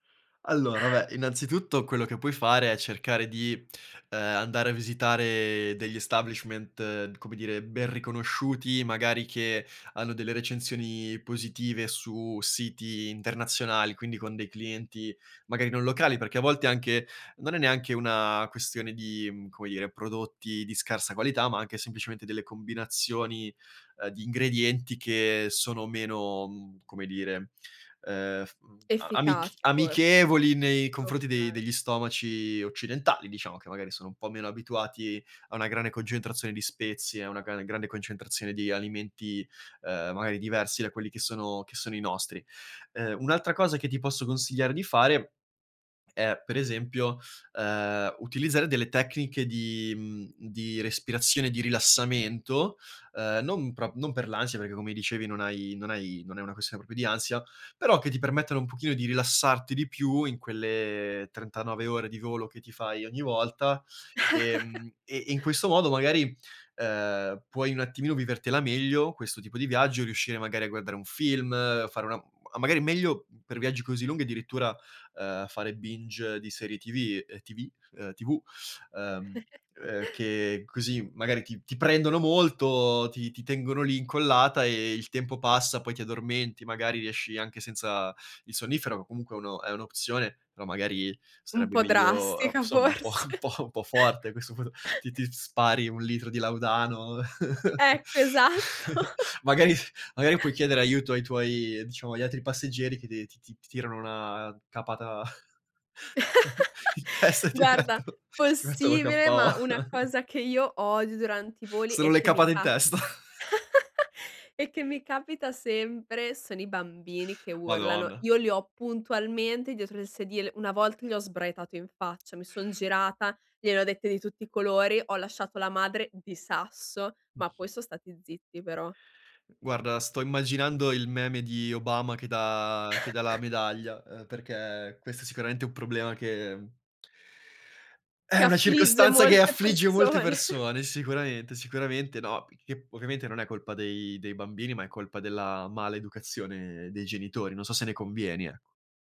Allora, vabbè, innanzitutto quello che puoi fare è cercare di, uhm, andare a visitare degli establishment, come dire, ben riconosciuti, magari che hanno delle recensioni positive su siti internazionali, quindi con dei clienti magari non locali, perché a volte anche non è neanche una questione di, mhmm, come dire, prodotti di scarsa qualità, ma anche semplicemente delle combinazioni, uhm, di ingredienti che sono meno, mhmm, come dire, uhm, f mhmm a amic Efficaci forse. amichevoli nei confronti dei Okay. degli stomaci occidentali, diciamo, che magari sono un po' meno abituati a una grande concentrazione di spezie, a una gra grande concentrazione di alimenti, uhm, magari diversi da quelli che sono che sono i nostri. Uhm, un'altra cosa che ti posso consigliare di fare è per esempio, uhm, utilizzare delle tecniche di, mhmm, di respirazione, di rilassamento, uhm, non prop non per l'ansia, perché come dicevi non hai non hai non è una questione proprio di ansia, però che ti permettono un pochino di rilassarti di più in quelle 39 ore di volo che ti fai ogni volta, ehm, e e in questo modo magari, uhm, puoi un attimino vivertela meglio, questo tipo di viaggio, riuscire magari a guardare un film, fare una mhmm a magari meglio per viaggi così lunghi addirittura, uhm, fare binge di serie TV, uhm TV, uhm TV, uhm, uhm, che così magari ti ti prendono molto, ti ti tengono lì incollata e il tempo passa, poi ti addormenti, magari riesci anche senza il sonnifero, che comunque è uno è un'opzione, però magari Un sarebbe po' meglio o drastica somma un po' forse. un po' un po' forte, a questo punto ti ti spari un litro di laudano. Ecco, esatto. Magari magari puoi chiedere aiuto ai tuoi diciamo agli altri passeggeri che de ti ti ti tirano una capata in testa e ti Guarda, metto ti mettono possibile, KO. ma una cosa che io odio durante i voli Sono e le che mi capate in ca testa? e che mi capita sempre sono i bambini che urlano, Madonna. io li ho puntualmente dietro il sedile, una volta gli ho sbraitato in faccia, mi son girata, gliene ho dette di tutti i colori, ho lasciato la madre di sasso, ma poi son stati zitti però. Guarda, sto immaginando il meme di Obama che dà che dà la medaglia, uhm, perché questo sicuramente è un problema che è Che una affligge circostanza che molte affligge molte persone. persone sicuramente, sicuramente, no, che ovviamente non è colpa dei dei bambini, ma è colpa della maleducazione dei genitori. Non so se ne convieni, ecco.